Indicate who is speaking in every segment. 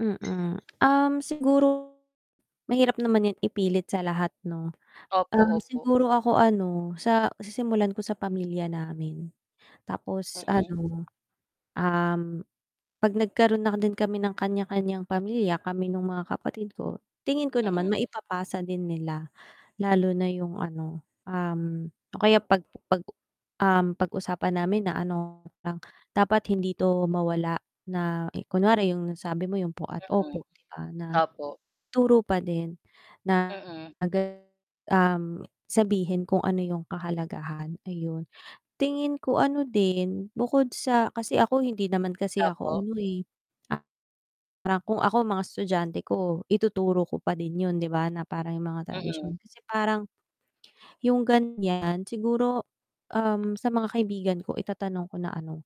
Speaker 1: Mm, um, siguro mahirap naman yan ipilit sa lahat 'no,
Speaker 2: Opo,
Speaker 1: um,
Speaker 2: opo.
Speaker 1: siguro ako ano sa sisimulan ko sa pamilya namin tapos
Speaker 2: Mm.
Speaker 1: ano, um, 'pag nagkaroon na din kami ng kanya-kanyang pamilya kami nung mga kapatid ko tingin ko naman
Speaker 2: Mm.
Speaker 1: maipapasa din nila lalo na 'yong ano, um o kaya pag pag um, pag-usapan namin na ano lang dapat hindi ito mawala na kunwari yung sabi mo yung po at
Speaker 2: Mm,
Speaker 1: opo 'di ba, na
Speaker 2: opo.
Speaker 1: ituro pa din na,
Speaker 2: Mm.
Speaker 1: um, sabihin kung ano yung kahalagahan, ayun, tingin ko ano din bukod sa kasi ako hindi naman kasi ako
Speaker 2: Opo.
Speaker 1: ano eh Parang kung ako mga estudyante ko ituturo ko pa din yun 'di ba, na parang yung mga tradisyon
Speaker 2: Mm.
Speaker 1: kasi parang, yung ganyan siguro, um, sa mga kaibigan ko itatanong ko na ano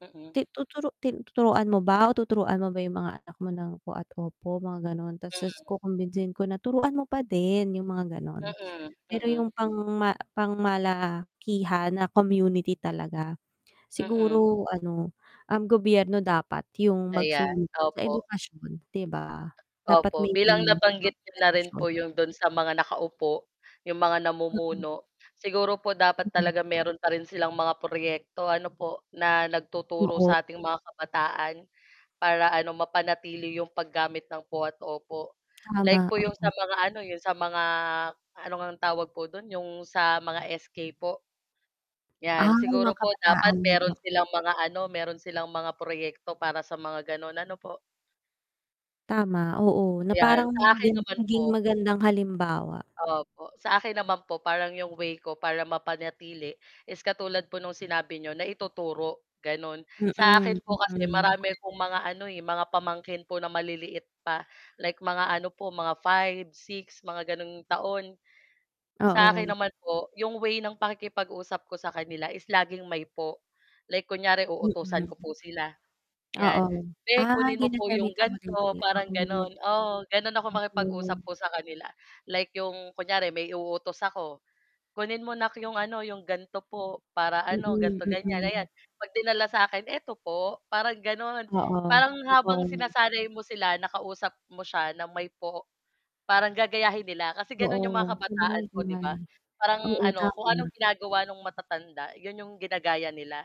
Speaker 2: Mm.
Speaker 1: Ti tuturu ti tuturuan mo ba o tuturuan mo ba yung mga anak mo ng po at opo mga ganon tapos
Speaker 2: Mm.
Speaker 1: kukumbinsihin ko na, "Turuan mo pa din.", yung mga ganon,
Speaker 2: Mm,
Speaker 1: pero
Speaker 2: mm.
Speaker 1: yung pang ma pang malakihan na community talaga
Speaker 2: Mm.
Speaker 1: siguro ano ang gobyerno dapat yung
Speaker 2: Ayan,
Speaker 1: magsulog sa
Speaker 2: opo.
Speaker 1: edukasyon 'di ba, dapat
Speaker 2: Opo,
Speaker 1: may
Speaker 2: bilang
Speaker 1: ganun, mga
Speaker 2: nabanggit niyo na rin
Speaker 1: tradisyon.
Speaker 2: po 'yong do'n sa mga nakaupo 'yong mga
Speaker 1: Mm.
Speaker 2: namumuno siguro po dapat
Speaker 1: Mm.
Speaker 2: talaga meron pa rin silang mga proyekto ano po, na nagtuturo
Speaker 1: Oo.
Speaker 2: sa ating mga kabataan para ano mapanatili 'yong paggamit ng po at opo
Speaker 1: Tama,
Speaker 2: like po 'yong sa
Speaker 1: oo.
Speaker 2: mga ano 'yong sa mga ano ngang tawag po do'n 'yong sa mga SK po
Speaker 1: Ah,
Speaker 2: yan,
Speaker 1: mga
Speaker 2: siguro po dapat
Speaker 1: kabataan.
Speaker 2: meron silang mga ano meron silang mga proyekto para sa mga ganon, ano po.
Speaker 1: Tama, oo, na
Speaker 2: Yan,
Speaker 1: parang
Speaker 2: sa akin naman
Speaker 1: maging
Speaker 2: po
Speaker 1: magandang halimbawa.
Speaker 2: opo, sa akin naman po parang 'yong way ko para mapanatili, is katulad po nung sinabi n'yo na ituturo gano'n sa
Speaker 1: Mm,
Speaker 2: akin po kasi
Speaker 1: mm.
Speaker 2: marami akong mga ano, eh, mga pamangkin po na maliliit pa like mga ano po mga 5-6 mga ganong taon. Sa akin
Speaker 1: Oo.
Speaker 2: naman po 'yong way ng pakikipag-usap ko sa kanila is laging may po like kunyari uutusan ko
Speaker 1: Mm.
Speaker 2: po sila
Speaker 1: Oo,
Speaker 2: 'yan, "Be,
Speaker 1: ah,
Speaker 2: kunin mo po 'yong
Speaker 1: ginagamitan mo din
Speaker 2: ganto.",
Speaker 1: sila,
Speaker 2: parang
Speaker 1: oo.
Speaker 2: gano'n oo, gano'n ako makipag-usap
Speaker 1: Oo.
Speaker 2: po sa kanila like 'yung kunyari may uutos ako, "Kunin mo 'nak 'yong ano, 'yong ganto po para ano
Speaker 1: Mm,
Speaker 2: ganto ganyan." Ayan,
Speaker 1: mm.
Speaker 2: 'pag dinala sa akin, "Eto po?", Parang gano'n,
Speaker 1: Oo,
Speaker 2: parang habang
Speaker 1: oo.
Speaker 2: sinasanay mo sila nakausap mo siya na may po parang gagayahin nila kasi gano'n 'yong mga
Speaker 1: Oo.
Speaker 2: kabataan po, 'di ba,
Speaker 1: [unintelligible]
Speaker 2: parang
Speaker 1: Oo
Speaker 2: ano kung anong
Speaker 1: tama.
Speaker 2: ginagawa ng matatanda 'yon 'yong ginagaya nila.